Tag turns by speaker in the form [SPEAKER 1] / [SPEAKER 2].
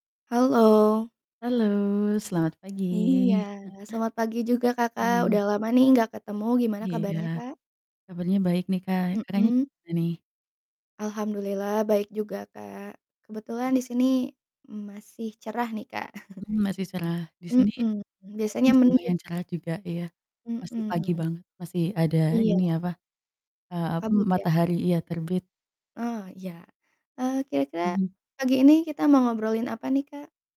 [SPEAKER 1] Halo.
[SPEAKER 2] Halo, selamat pagi.
[SPEAKER 1] Iya, selamat pagi juga, Kakak,
[SPEAKER 2] Hmm.
[SPEAKER 1] udah lama nih nggak ketemu. Gimana
[SPEAKER 2] Iya.
[SPEAKER 1] kabarnya, Kak?
[SPEAKER 2] Kabarnya baik nih Kak. Kakaknya
[SPEAKER 1] Mhm.
[SPEAKER 2] gimana nih?
[SPEAKER 1] Alhamdullillah, baik juga Kak. Kebetulan
[SPEAKER 2] Iya.
[SPEAKER 1] di sini masih cerah nih Kak.
[SPEAKER 2] Hmm, masih cerah di sini
[SPEAKER 1] Mhm,
[SPEAKER 2] langitnya
[SPEAKER 1] biasanya mendung.
[SPEAKER 2] lumayan cerah juga iya, masih pagi
[SPEAKER 1] Mhm.
[SPEAKER 2] banget, masih ada
[SPEAKER 1] Iya.
[SPEAKER 2] ini, apa, eee, apa, m
[SPEAKER 1] Kabut ya.
[SPEAKER 2] matahari iya, terbit.
[SPEAKER 1] Ah, iya. Eee, kira-kira
[SPEAKER 2] Mmm.
[SPEAKER 1] pagi ini kita mau ngobrolin apa nih, Kak?